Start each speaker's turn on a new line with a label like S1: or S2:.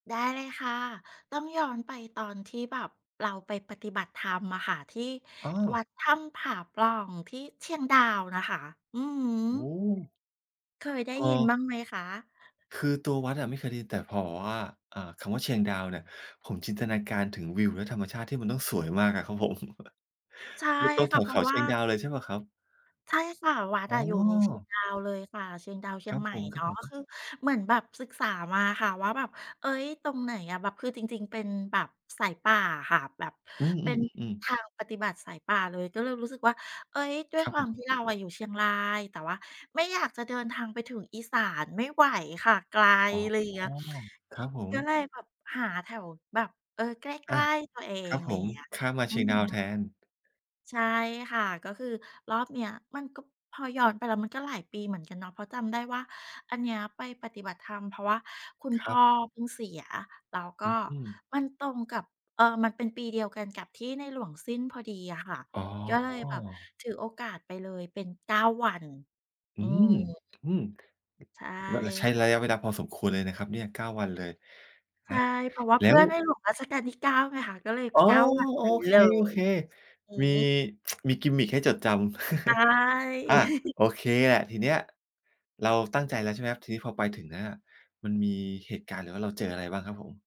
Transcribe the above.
S1: ได้เลยค่ะ ต้องย้อนไปตอนที่แบบเราไปปฏิบัติธรรมอะค่ะที่
S2: อ
S1: ว
S2: า
S1: ัดถ้ำผาปล่อง ที่เชียงดาวนะคะ อือฮ
S2: โอ
S1: ึ
S2: ้
S1: เคยได้
S2: อ
S1: ยิน
S2: า
S1: บ้างไหมคะ?
S2: คือตัววัดอะไม่เคยได้ยิน แต่พอบอกว่า อ่า คำว่าเชียงดาวเนี่ย ผมจินตนาการถึงวิวและธรรมชาติที่มันต้องสวยมากอะครับผม
S1: ใช่
S2: อยู่ตรง
S1: ค
S2: แ
S1: ่
S2: ถ
S1: ะ
S2: ว
S1: เพ
S2: เ
S1: ร
S2: ข
S1: าะ
S2: า
S1: ว
S2: เช
S1: ่
S2: ียง
S1: า
S2: ดาวเลยใช่เปล่าครับ?
S1: ใช่ค่ะ วัด
S2: อ๋
S1: อ
S2: อ
S1: ะอยู่ในเชียงดาวเลยค่ะ เชียงดาว เชี
S2: ค
S1: ย
S2: ร
S1: ง
S2: ับ
S1: ใหม่
S2: ผ
S1: เนาะ ก
S2: ม
S1: ็ค
S2: ๆ
S1: ือเหมือนแบบศึกษามาค่ะว่าแบบ เอ๊ย ตรงไหนอะ แบบคือจริง ๆ เป็นแบบสายป่าอะค่ะ แบบ
S2: อื
S1: เป็น
S2: ม ๆ ๆ ๆ
S1: ทางปฏิบัติสายป่าเลย ก็เลยรู้สึกว่า เอ๊ย ด้ว
S2: ค
S1: ย
S2: รับ
S1: ค
S2: ผ
S1: วามท
S2: ม
S1: ี่เราอะอยู่เชียงราย แต่ว่าไม่อยากจะเดินทางไปถึงอีสานไม่ไหวค่ะไกล
S2: อ๋อ
S1: อะไรอย่างเงี้ย
S2: ครับผม
S1: ก็เลยแบบหาแถวแบบ เออ ใก
S2: อ
S1: ล
S2: า
S1: ้ ๆ ตัวเอ
S2: ค
S1: ง
S2: รับ
S1: อะไ
S2: ผ
S1: รอย่า
S2: ม
S1: งเงี้ย
S2: ข้ามมา
S1: อ
S2: เ
S1: ื
S2: ชี
S1: อ
S2: ยงด
S1: ฮ
S2: าว
S1: ึ
S2: แทน
S1: ใช่ค่ะ ก็คือรอบเนี้ยมันก็ พอย้อนไปแล้วมันก็หลายปีเหมือนกันเนาะ เพราะจำได้ว่าอันเนี้ยไปปฏิบัติธรรม เพราะว่าคุณ
S2: ค
S1: พ
S2: รั
S1: ่อ
S2: บ
S1: เพิ่งเสีย แล้วก
S2: อ
S1: ็
S2: ืม
S1: มันตรงกับ เออ มันเป็นปีเดียวกันกับที่ในหลวงสิ้นพอดีอะค่ะ
S2: อ๋
S1: ก็เลยแบบ
S2: อ
S1: ถือโอกาสไปเลยเป็น 9 วัน
S2: อ
S1: อ
S2: ื
S1: ื
S2: ม
S1: ม
S2: อืม
S1: ใช่
S2: ล ใช้
S1: ค่ะ
S2: ระยะเวลาพอสมควรเลยนะครับเนี่ย 9 วันเลย
S1: ใ
S2: อ
S1: ช
S2: า
S1: ่ เพราะว่า
S2: แล
S1: เ
S2: ้
S1: พื่
S2: ว
S1: อในหลวงรัชกาลที่ 9 ไงคะ ก็เลย
S2: อ๋อ
S1: 9 วัน
S2: โอ
S1: ไป
S2: เ
S1: เลย
S2: ค
S1: อื
S2: ๆ มี
S1: ม
S2: มี กิมมิก ให้จดจำ
S1: ใช
S2: อ
S1: ่
S2: า โอเคแหละ ทีเนี้ยเราตั้งใจแล้ว ใช่ไหมครับ ทีนี้พอไปถึงแล้วเนี่ย มันมีเหตุการณ์ หรือว่าเราเจออะไรบ้างครับผม?